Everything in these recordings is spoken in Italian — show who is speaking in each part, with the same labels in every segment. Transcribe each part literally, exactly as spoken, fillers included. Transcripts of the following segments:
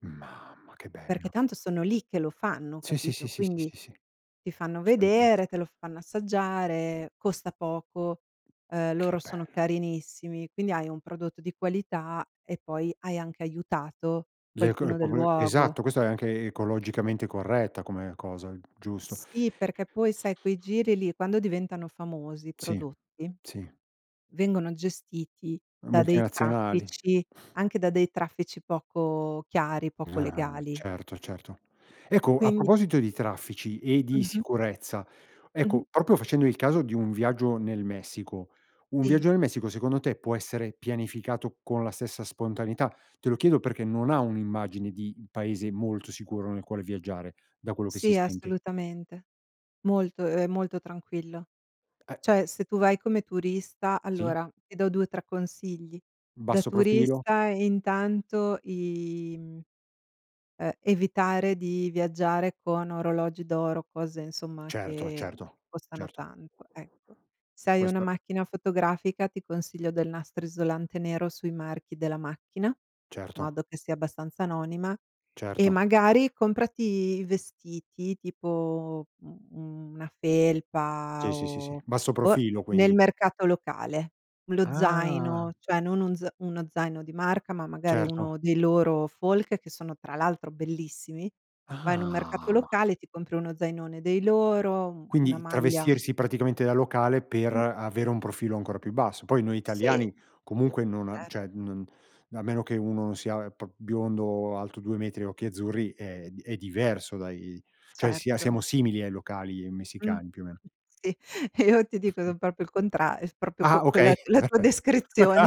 Speaker 1: Mamma che bello.
Speaker 2: Perché tanto sono lì che lo fanno,
Speaker 1: Sì, sì, sì,
Speaker 2: capito?
Speaker 1: sì, sì,
Speaker 2: Quindi,
Speaker 1: sì, sì.
Speaker 2: ti fanno vedere,
Speaker 1: [unintelligible]
Speaker 2: te lo fanno assaggiare, costa poco, eh
Speaker 1: Che
Speaker 2: loro sono
Speaker 1: bello.
Speaker 2: carinissimi quindi hai un prodotto di qualità e poi hai anche aiutato
Speaker 1: Le cor
Speaker 2: qualcuno
Speaker 1: po
Speaker 2: del
Speaker 1: pe
Speaker 2: luogo.
Speaker 1: esatto, questo è anche ecologicamente corretta come cosa, g giusto.
Speaker 2: Sì, perché poi sai quei giri lì quando diventano famosi i
Speaker 1: Sì,
Speaker 2: prodotti,
Speaker 1: sì.
Speaker 2: vengono gestiti da dei
Speaker 1: Multinazionali.
Speaker 2: traffici, anche da dei traffici poco chiari, poco
Speaker 1: Ah, ma
Speaker 2: legali.
Speaker 1: certo, certo, ecco, a
Speaker 2: Quindi
Speaker 1: proposito di traffici e di
Speaker 2: Mh-mh.
Speaker 1: sicurezza, ecco,
Speaker 2: Mh-mh.
Speaker 1: proprio facendo il caso di un viaggio nel Messico. Un viaggio
Speaker 2: Sì.
Speaker 1: nel Messico, secondo te, può essere pianificato con la stessa spontaneità? Te lo chiedo perché non ha un'immagine di paese molto sicuro nel quale viaggiare, da quello che si
Speaker 2: Sì,
Speaker 1: sente.
Speaker 2: assolutamente molto ehm, molto tranquillo.
Speaker 1: Eh.
Speaker 2: Cioè, se tu vai come turista
Speaker 1: Sì.
Speaker 2: allora, ti do due o tre consigli. Da
Speaker 1: Basso profilo.
Speaker 2: turista, intanto, i mhmm eh, evitare di viaggiare con orologi d'oro, cose, insomma,
Speaker 1: Certo,
Speaker 2: che
Speaker 1: certo.
Speaker 2: costano
Speaker 1: Certo.
Speaker 2: tanto, ecco. Se hai una
Speaker 1: Questa?
Speaker 2: macchina fotografica, ti consiglio del nastro isolante nero sui marchi della macchina in
Speaker 1: Certo.
Speaker 2: modo che sia abbastanza anonima e,
Speaker 1: Certo.
Speaker 2: magari, comprati vestiti tipo, mhmm, u una
Speaker 1: Sì,
Speaker 2: felpa
Speaker 1: sì, sì, sì,
Speaker 2: o
Speaker 1: basso
Speaker 2: o
Speaker 1: profilo,
Speaker 2: nel
Speaker 1: quindi.
Speaker 2: mercato locale. Lo
Speaker 1: Ah!
Speaker 2: zaino, cioè non un z uno zaino di marca, ma magari uno
Speaker 1: Certo.
Speaker 2: dei loro folk, che sono, tra l'altro, bellissimi. Vai in un mercato
Speaker 1: Ah ma
Speaker 2: locale e ti compri uno zainone dei loro, un una
Speaker 1: quindi
Speaker 2: maglia
Speaker 1: travestirsi praticamente da locale per
Speaker 2: Mh.
Speaker 1: avere un profilo ancora più basso. Poi noi
Speaker 2: Sì.
Speaker 1: italiani, comunque, non a cioè,
Speaker 2: Certo.
Speaker 1: non a meno che uno non sia pr biondo, alto due metri e occhi azzurri, è d è diverso, dai. Cioè, sia
Speaker 2: Certo.
Speaker 1: siamo simili ai locali
Speaker 2: Mh.
Speaker 1: messicani, più o meno.
Speaker 2: Sì. E io ti dico son proprio il contra proprio que
Speaker 1: Ah okay.
Speaker 2: quella la tua
Speaker 1: Perfetto.
Speaker 2: descrizione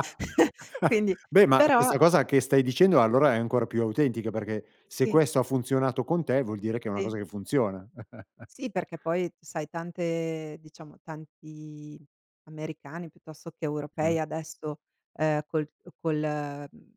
Speaker 2: Quindi,
Speaker 1: Beh ma
Speaker 2: però
Speaker 1: questa cosa che stai dicendo allora è ancora più autentica, perché se
Speaker 2: Sì.
Speaker 1: questo ha funzionato con te, vuol dire che è una cosa
Speaker 2: Sì.
Speaker 1: che funziona.
Speaker 2: Sì, perché, poi, sai, tante diciamo, tanti americani piuttosto che
Speaker 1: Mh.
Speaker 2: europei adesso, ehm, col col mhmm,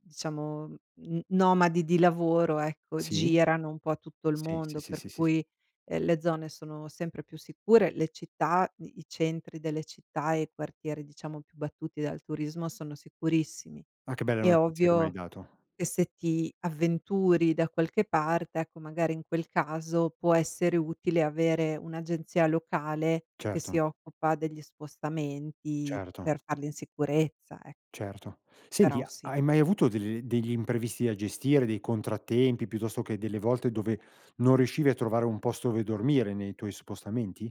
Speaker 2: diciamo, n nomadi di lavoro, ecco,
Speaker 1: Sì.
Speaker 2: girano un po' tutto il
Speaker 1: Sì, sì,
Speaker 2: mondo,
Speaker 1: sì,
Speaker 2: per
Speaker 1: sì, sì.
Speaker 2: cui, eh, le zone sono sempre più sicure. Le città, i centri delle città e i quartieri, diciamo, più battuti dal turismo sono sicurissimi.
Speaker 1: Ma che bella
Speaker 2: È
Speaker 1: notizia che m'hai
Speaker 2: ovvio
Speaker 1: dato.
Speaker 2: che, se ti avventuri da qualche parte, ecco, magari, in quel caso può essere utile avere un'agenzia locale che si
Speaker 1: Certo.
Speaker 2: occupa degli spostamenti per
Speaker 1: Certo.
Speaker 2: farli in sicurezza, ec
Speaker 1: Certo, senti,
Speaker 2: Però
Speaker 1: ha
Speaker 2: sì.
Speaker 1: hai mai avuto degl degli imprevisti da gestire, dei contrattempi, piuttosto che delle volte dove non riuscivi a trovare un posto dove dormire nei tuoi spostamenti?